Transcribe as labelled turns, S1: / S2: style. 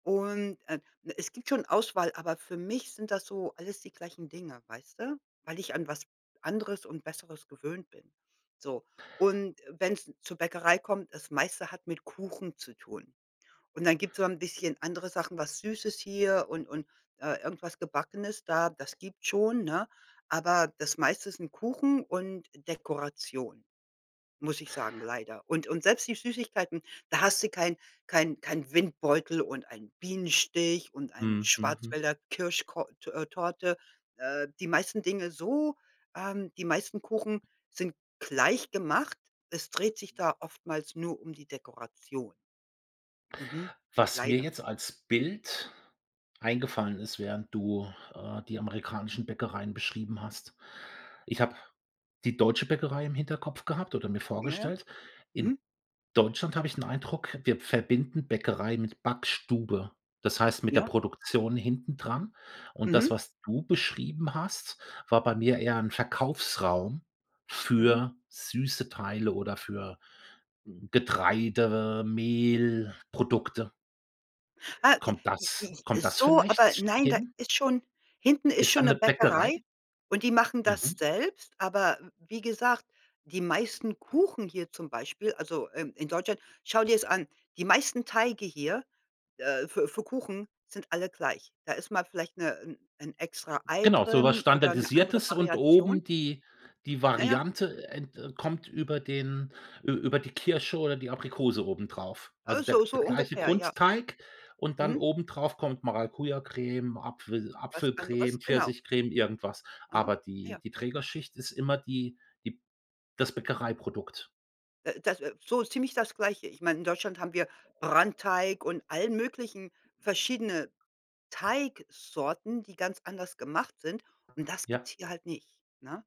S1: Und, äh, ne, es gibt schon Auswahl, aber für mich sind das so alles die gleichen Dinge, weißt du, weil ich an was anderes und Besseres gewöhnt bin. So, und wenn's zur Bäckerei kommt, das meiste hat mit Kuchen zu tun und dann gibt's so 'n bisschen andere Sachen, was Süßes hier und und, äh, irgendwas Gebackenes da, das gibt's schon, ne? Aber das meiste sind Kuchen und Dekoration, muss ich sagen, leider. Und und selbst die Süßigkeiten, da hast du kein kein kein Windbeutel und einen Bienenstich und ein
S2: Mhm. Mhm. Mhm.
S1: Schwarzwälder Kirschko t äh, Torte. Äh, die meisten Dinge so ähm, die meisten Kuchen sind gleich gemacht. Es dreht sich da oftmals nur um die Dekoration. Mhm.
S2: Was mir
S1: Leider.
S2: jetzt als Bild eingefallen ist, während du, äh, die amerikanischen Bäckereien beschrieben hast: Ich habe die deutsche Bäckerei im Hinterkopf gehabt oder mir
S1: Ja.
S2: vorgestellt. In
S1: Mhm.
S2: Deutschland habe ich 'n Eindruck, wir verbinden Bäckerei mit Backstube, das heißt mit der
S1: Ja.
S2: Produktion hintendran. Und
S1: Mhm.
S2: das, was du beschrieben hast, war bei mir eher 'n Verkaufsraum
S1: Mhm.
S2: für süße Teile oder für Getreide, Mehl, Produkte.
S1: Ah, j
S2: Kommt das
S1: j j
S2: kommt das
S1: so, aber
S2: vielleicht
S1: nein, da
S2: hin?
S1: ist schon hinten ist
S2: Ist da
S1: schon 'ne
S2: 'ne
S1: Bäckerei
S2: Bäckerei?
S1: und die machen das
S2: Mhm.
S1: selbst, aber w wie gesagt, die meisten Kuchen hier zum Beispiel also, ähm, in Deutschland schau dir es an, die meisten Teige hier, äh, für für Kuchen sind alle gleich. Da ist mal vielleicht 'ne 'n 'n extra-Ei
S2: Genau, so was
S1: drin oder 'ne andere
S2: Standardisiertes und
S1: Variation.
S2: oben die die
S1: Na ja.
S2: Variante, äh, n de kommt über den ü über die Kirsche oder die Aprikose obendrauf, also
S1: Äh,
S2: der
S1: so so
S2: der gleiche
S1: ungefähr, ja.
S2: Grundteig und dann
S1: Mhm.
S2: obendrauf kommt Maracujacreme, Apfel
S1: Was anderes,
S2: Apfelcreme,
S1: genau.
S2: Pfirsichcreme, irgendwas.
S1: Aha.
S2: Aber die
S1: Ja.
S2: die Trägerschicht ist immer die die das Bäckereiprodukt.
S1: Äh, das so ziemlich das Gleiche. Ich meine, in Deutschland haben wir Brandteig und allen möglichen verschiedene Teigsorten, die ganz anders gemacht sind und das
S2: Ja.
S1: gibt's hier halt nicht, ne?